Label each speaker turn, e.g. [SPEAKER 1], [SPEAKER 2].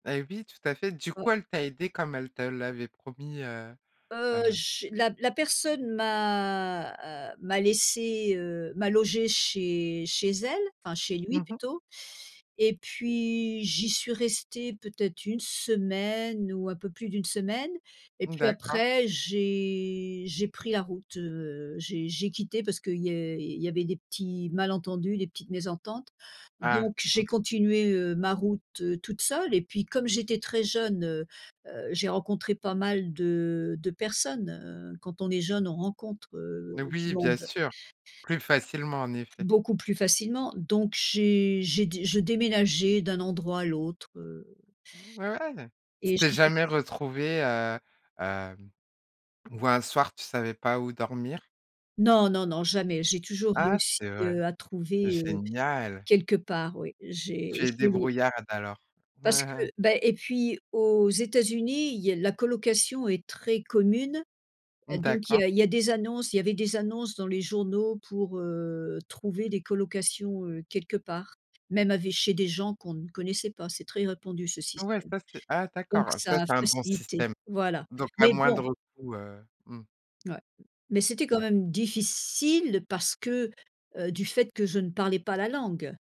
[SPEAKER 1] Et oui tout à fait, du
[SPEAKER 2] Ouais.
[SPEAKER 1] coup elle t'a aidée comme elle te l'avait promis, heu,
[SPEAKER 2] Heu,
[SPEAKER 1] hem
[SPEAKER 2] j'ai, la p la personne m'a, heu, m'a laissée, heu, m'a logée chez chez elle, enfin chez lui
[SPEAKER 1] Mmh mh.
[SPEAKER 2] plutôt. Et puis j'y suis restée peut-être 1 semaine ou un peu plus d'1 semaine et puis
[SPEAKER 1] D'accord.
[SPEAKER 2] après j'ai j'ai pris la route. Heu, j'ai j'ai quitté parce qu'il y a il il y avait des petits malentendus, des petites mésententes.
[SPEAKER 1] Ah
[SPEAKER 2] Donc
[SPEAKER 1] mmh.
[SPEAKER 2] j'ai continué, heu, ma route, heu, toute seule et puis comme j'étais très jeune, heu, heu, j'ai rencontré pas mal de de personnes. Heu, quand on est jeune on rencontre, heu,
[SPEAKER 1] Mais
[SPEAKER 2] du
[SPEAKER 1] oui bien
[SPEAKER 2] monde
[SPEAKER 1] sûr. Plus facilement, en effet.
[SPEAKER 2] beaucoup plus facilement. Donc j'ai j'ai dé je déménageais d'un endroit à l'autre, heu
[SPEAKER 1] Ouais! Tu
[SPEAKER 2] et j'ai
[SPEAKER 1] t'es
[SPEAKER 2] fait ce
[SPEAKER 1] jamais retrouvée, heu, hem, où un soir tu savais pas où dormir?
[SPEAKER 2] Non, non, non, jamais, j'ai toujours
[SPEAKER 1] Ah
[SPEAKER 2] réussi,
[SPEAKER 1] c'est vrai.
[SPEAKER 2] heu, à trouver, heu.
[SPEAKER 1] Génial.
[SPEAKER 2] Quelque part oui, j'ai
[SPEAKER 1] Tu es
[SPEAKER 2] j'ai lou
[SPEAKER 1] débrouillarde alors.
[SPEAKER 2] Parce que, beh et puis aux États-Unis, il y a la colocation est très commune et
[SPEAKER 1] Mmh
[SPEAKER 2] donc il
[SPEAKER 1] d'accord.
[SPEAKER 2] y a il y a des annonces il y avait des annonces dans les journaux pour, heu, trouver des colocations, heu, quelque part. Même ave chez des gens qu'on ne connaissait pas, c'est très répandu ce
[SPEAKER 1] Ouais,
[SPEAKER 2] système.
[SPEAKER 1] ça c'est ah
[SPEAKER 2] Donc
[SPEAKER 1] d'accord. Ah
[SPEAKER 2] ça
[SPEAKER 1] ça
[SPEAKER 2] a
[SPEAKER 1] c'est un bon
[SPEAKER 2] facilité,
[SPEAKER 1] système.
[SPEAKER 2] voilà.
[SPEAKER 1] Donc à
[SPEAKER 2] Mais bon.
[SPEAKER 1] moindre coût, heu. Mmh.
[SPEAKER 2] Ouais. Mmh. Mais c'était quand
[SPEAKER 1] Ouais.
[SPEAKER 2] même difficile parce que, heu, du fait que je ne parlais pas la langue.